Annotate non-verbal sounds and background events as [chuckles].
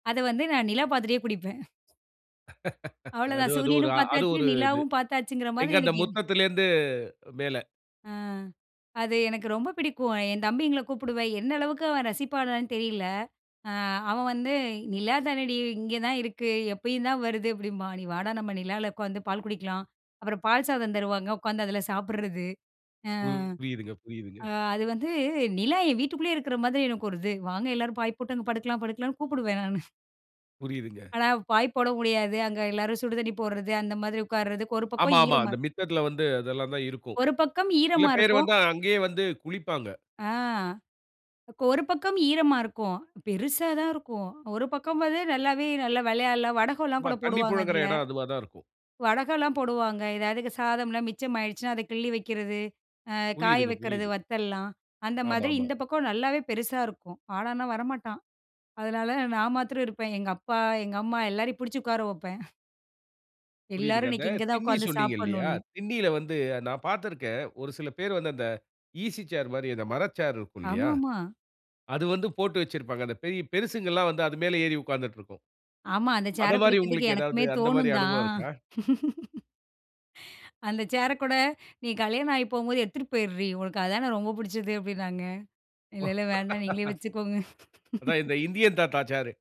அத வந்து, நான் நிலா பாத்துட்டே குடிப்பேன். [laughs] அது அவ்ளோதான் அது ஒரு சூரியனும் அது பார்த்தாச்சு, ஒரு இது நிலாவும் பார்த்தாச்சுங்கற எங்க மாதிரி அந்த எனக்கு எவ் முத்தத்திலலிருந்து மேல. அ அது எனக்கு ரொம்ப பிடிக்கும். அ என் தம்பிங்கள கூப்புடுவேன், என்னளவுக்கு அவன் ரசிப்பானான்னு தெரியல. அ அவன் வந்து "நிலா தானடி இங்க தான் இருக்கு, எப்பயும் தான் வருது." அப்டிம்பான். "நீ வாடா, நம்ம நிலால உட்காந்து பால் குடிக்கலாம்." அப்பறம் பால் சாதம் தருவாங்க உட்காந்து அதுல சாப்பட்றது. அ புரியுதுங்க, புரியுதுங்க. அ அது வந்து, "நிலா என் வீட்டுக்குள்ளயே இருக்குற மாதிரி எனக்கு ஒரு இது, வாங்க எல்லாரும் பாய் போட்டு அங்க படுக்கலாம் படுக்கலாம்ன்னு." கூப்புடுவேன் நானு. [chuckles] புரியுதுங்க. ஆனா, பாய்ப்போட முடியாது. அங்க எல்லாரும் சுடு தண்ணி போடுறது, அந்த மாதிரி உட்காறதுக்கு, ஒரு பக்கம் ஆமாமா. ஈரமா அந்த மித்தத்துல வந்து அதெல்லாந்தான் இருக்கும். ஒரு பக்கம் சில ஈரமா பேர் இருக்கும். வந்து அங்கயே வந்து குளிப்பாங்க. அ ஒரு பக்கம் ஈரமா இருக்கும். பெருசா தான் இருக்கும். ஒரு பக்கம் வந்து நல்லாவே நல்லா விளையாடலாம். வடகம்லா ஆமா, கூட தண்ணீ போடுவாங்க புழங்குற அதுல. இடம் அதுவா தான் இருக்கும். வடகெல்லாம் போடுவாங்க. எதாவது சாதம்லா மிச்சமாயிடுச்சுனா, அத கிள்ளி வக்கிறது, ஆ காய புரியுதுங்க, வக்கிறது, புரியுது. வத்தல்லாம். அந்த மாதிரி ஆமாமா. இந்த பக்கம் நல்லாவே பெருசா இருக்கும். வாடான்னா வரமாட்டான். அதனால நான் மாத்ரம் இருப்பேன். எங்கப்பா, எங்கம்மா எல்லாரையும் பிடிச்சு உட்கார வப்பேன். எல்லாரும் புரியுதுங்க. அந்த இன்னக்கி இங்க தான் திண்ணி உட்காந்து சொன்னீங்க இல்லீயா? சாப்புணுன்னு. திண்ணியில வந்து நான் பார்த்திருக்கேன். ஒரு சில பேர் வந்து, அந்த ஈசி சேர் மாரி அந்த மர சேர் இருக்கு இல்லியா? ஆமாமா. அது வந்து போட்டு வச்சிருப்பாங்க. அந்த பெரிய பெரிசுங்கள்லாம் வந்து, அது மேல ஏறி உட்கார்ந்துட்ருக்கும். ஆமா. அந்த அத சேர மாரி, புடிக்கிறதுக்கு உங்களுக்கு எதாவது எனக்குமே அந்த மாரி தோணும் அனுபவம் தான். இருக்கா? [laughs] அந்த சேர கூட, "நீ கல்யாணம் ஆகிப் போகும்போது எடுத்துட்டு போய்ட்ரீ, உனக்கு அத தானே ரொம்ப புடிச்சது." அப்டினாங்க. "இல்ல, இல்ல வேண்டா நீங்களே [laughs] வெச்சுக்கோங்க." அதான் [laughs] இந்த இந்தியன் தாத்தா சேர்.